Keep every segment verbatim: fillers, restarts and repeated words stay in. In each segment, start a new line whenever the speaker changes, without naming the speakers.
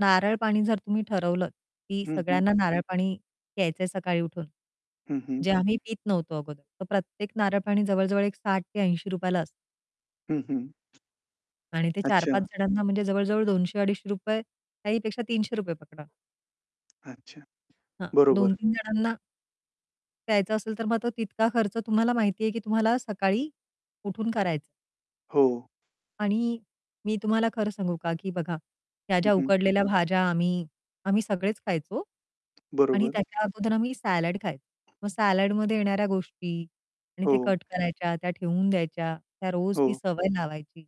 नारळ पाणी जर तुम्ही ठरवलं, की
हं, हं.
सगळ्यांना नारळ पाणी घ्यायचंय सकाळी उठून.
हं, हं.
जे आम्ही पीत नव्हतो अगोदर तर प्रत्येक नारळपाणी जवळ-जवळ एक साठ ते ऐंशी रुपया ला असतं.
हं, हं.
आणि ते चार पाच
अच्छा.
जणांना म्हणजे जवळ-जवळ दोनशे अडीचशे रुपये काही पेक्षा तीनशे रुपये पकडा.
अच्छा,
हां, दोन
बरोबर.
तीन जणांना प्यायचं असेल तर मग तो तितका खर्च तुम्हाला माहिती आहे की तुम्हाला सकाळी उठून करायचं.
हो.
आणि मी तुम्हाला खरं सांगू का की बघा, ह्या
हं,
ज्या
हं.
उकडलेल्या भाज्या आम्ही आम्ही सगळेच खायचो आणि
बरोबर.
त्याच्या अगोदर आम्ही सॅलाड खायचो. मग सॅलाडमध्ये येणाऱ्या गोष्टी आणि ते
हो.
कट करायच्या, त्या ठेवून द्यायच्या, त्या रोज ती
हो.
सवय लावायची.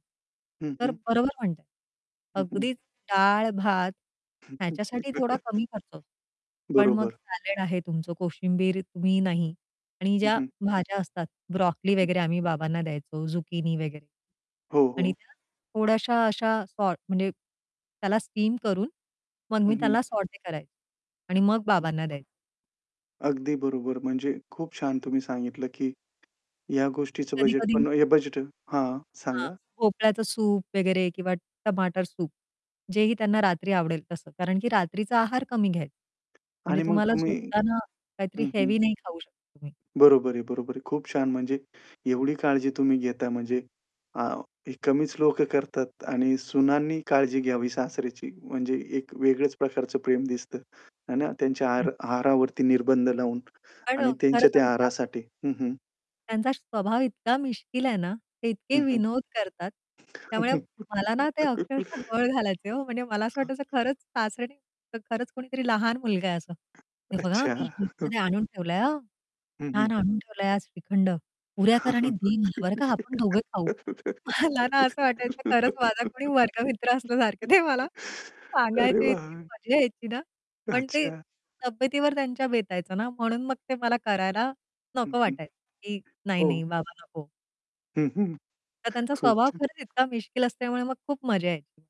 हं,
तर
हं.
बरोबर म्हणताय,
हं, हं.
अगदीच डाळ भात ह्याच्यासाठी थोडा कमी खर्च होतो. पण मग
बरोबर.
सॅलाड आहे तुमचं, कोशिंबीर तुम्ही नाही आणि
हं,
ज्या
हं.
भाज्या असतात ब्रॉकली
हं.
वगैरे आम्ही बाबांना द्यायचो झुकिनी वगैरे
हो,
आणि
हो.
त्या थोड्याश्या अशा सॉर्ट म्हणजे त्याला स्टीम करून मग
हं,
मी
हं.
त्याला सॉटे करायचे आणि मग
हं.
बाबांना द्यायचे.
अगदी बरोबर. म्हणजे खूप छान तुम्ही सांगितलं की ह्या गोष्टीचं
आणि
बजेट
कधी-कधी
पण
मग
हे बजेट हां,
हां,
सांगा?
भोपळ्याचं सूप वगैरे किंवा टमाटर सूप जेही त्यांना रात्री आवडेल तसं. कारण की रात्रीचा आहार कमी घ्यायचं. म्हणजे
आणि मग
तुम्हाला
तुम्ही
झोपताना काहीतरी
हं, हं.
हेवी नाही खाऊ शकता तुम्ही.
बरोबर आहे, बरोबर आहे. खूप छान. म्हणजे एवढी काळजी तुम्ही घेता म्हणजे आ ही कमीच लोकं करतात आणि सुनांनी काळजी घ्यावी सासऱ्याची म्हणजे एक वेगळेच प्रकारचं प्रेम दिसतं, आहे ना. त्यांच्या
हं.
आहार आहारावरती निर्बंध लावून
पण अ,
आणि
खरं
त्यांच्या त्या
सांगू का?
आहारासाठी हं, हं.
त्यांचा स्वभाव इतका मिश्कील आहे ना, ते इतके
हं,
विनोद करतात त्यामुळे
हं.
मला ना ते अक्षरशः गळ घालायचे हो, म्हणजे मला असं
हां.
वाटायचं खरंच सासरे नाही तर खरंच कोणीतरी लहान मुलगा आहे असं. "हे बघा
अच्छा,
मी
हां.
फ्रीजमध्ये आणून ठेवलंय हां.
हं, हं.
छान आणून ठेवलंय आज श्रीखंड. पुऱ्या
हां,
कर आणि
हां.
दे मला बरं का आपण दोघे खाऊ." मला ना असं वाटायचं, खरंच माझा कोणी वर्गमित्र असल्यासारखं, "दे मला."
अरे
सांगायचे इतकी
वाह!
मजा यायची ना. पण ते
अच्छा.
तब्येतीवर त्यांच्या बेतायचं ना म्हणून मग ते मला करायला
हं,
नको
हं.
वाटायचं, की "नाही, नाही
हो.
बाबा नको."
हं, हं,
तर त्यांचा
खूप
स्वभाव
छान.
खरंच इतका मिश्कील असल्यामुळे मग खूप मजा यायची.